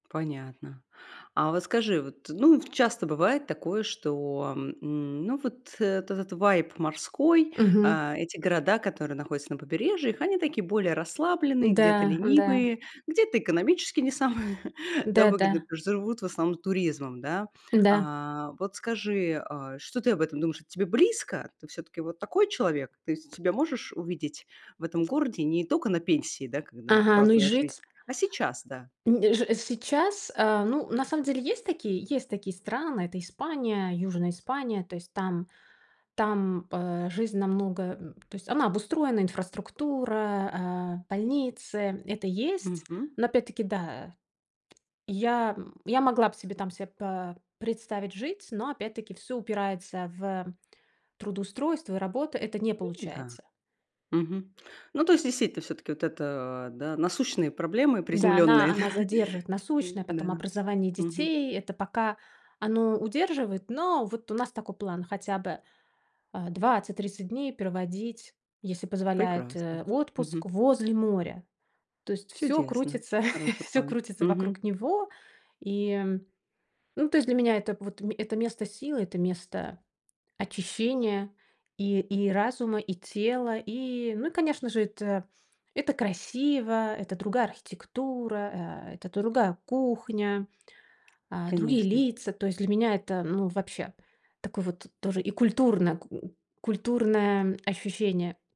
Понятно. А вот скажи вот, ну, в часто бывает такое, что, м, ну вот, э, от этот вайб морской, Мгм. э, эти города, которые находятся на побережьях, они такие более расслабленные, где-то Да, да. ленивые, где-то экономически не самые, да, выгодные, Да-да. потому что живут в основном туризмом, да. Да. А вот скажи, э, что ты об этом думаешь? Это тебе близко? Ты всё-таки вот такой человек? Ты с себя можешь увидеть в этом городе не только на пенсии, да, когда Ага, ну и праздная жизнь, жить а сейчас, да? Нь ж сейчас, э, ну, на самом деле, есть такие есть такие страны- это Испания, Южная Испания. То есть там там, э, жизнь намного, м, то есть она обустроена, инфраструктура, э, больницы, это есть. Мгм. Но опять-таки, да, я, м, я могла б себе там себе пэ представить жить, но опять-таки всё упирается в трудоустройство и работу. Это не М-да. получается. Мгм. Ну, то есть действительно всё-таки вот это, да, насущные проблемы Да, она приземленные, она да? задержит: насущное, Да. потом образование Мгм. детей- это пока оно удерживает. Но вот у нас такой план хотя бы, э, 20-30 дней проводить, если позволяет, Прекрасно. э, в Мгм. отпуск возле моря. То есть всё Чудесно! крутится Хороший всё план. крутится вокруг Мгм. него. И ну то есть для меня это вот мь это место силы, это место очищения и и разума, и тела. И, ну и конечно же, это это красиво, это другая архитектура, э, это другая кухня, э, другие Конечно. лица. То есть для меня это, ну вообще, такое вот тоже и культурно к культурное ощущение.